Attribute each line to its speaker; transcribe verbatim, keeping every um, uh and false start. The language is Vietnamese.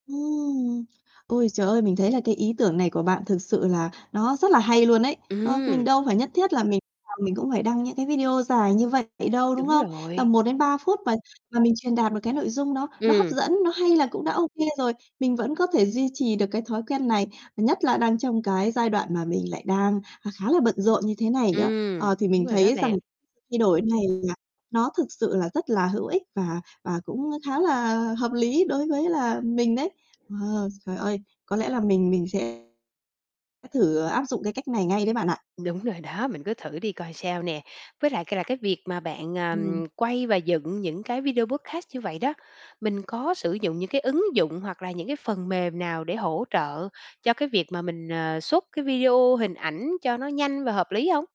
Speaker 1: Ừm! Ôi trời ơi, mình thấy là cái ý tưởng này của bạn thực sự là nó rất là hay luôn ấy. Ờ, mình
Speaker 2: Ừm.
Speaker 1: đâu phải nhất thiết là mình nào mình cũng phải đăng mấy cái video dài như vậy đâu, đúng
Speaker 2: Đúng
Speaker 1: không? Tầm
Speaker 2: rồi.
Speaker 1: một đến ba phút mà và mình truyền đạt được cái nội dung đó nó hấp
Speaker 2: Ừm.
Speaker 1: dẫn, nó hay là cũng đã ô kê rồi. Mình vẫn có thể duy trì được cái thói quen này, nhất là đang trong cái giai đoạn mà mình lại đang, à, khá là bận rộn như thế này nữa.
Speaker 2: Ừm,
Speaker 1: Ờ, thì mình
Speaker 2: đúng rồi đó
Speaker 1: thấy rằng
Speaker 2: bạn.
Speaker 1: sự thay đổi này là nó thực sự là rất là hữu ích và và cũng, a, khá là hợp lý đối với là mình đấy. Ờ, trời ơi, có lẽ là mình mình sẽ thử, à, áp dụng cái cách này ngay đấy bạn ạ.
Speaker 2: Đúng rồi đó, mình cứ thử đi coi sao nè. Với lại c là cái việc mà bạn, à,
Speaker 1: Ừm.
Speaker 2: ừm, quay và dựng những cái video podcast như vậy đó, mình có sử dụng những cái ứng dụng hoặc là những cái phần mềm nào để hỗ trợ cho cái việc mà mình, ờ, xuất cái video, hình ảnh cho nó nhanh và hợp lý hông?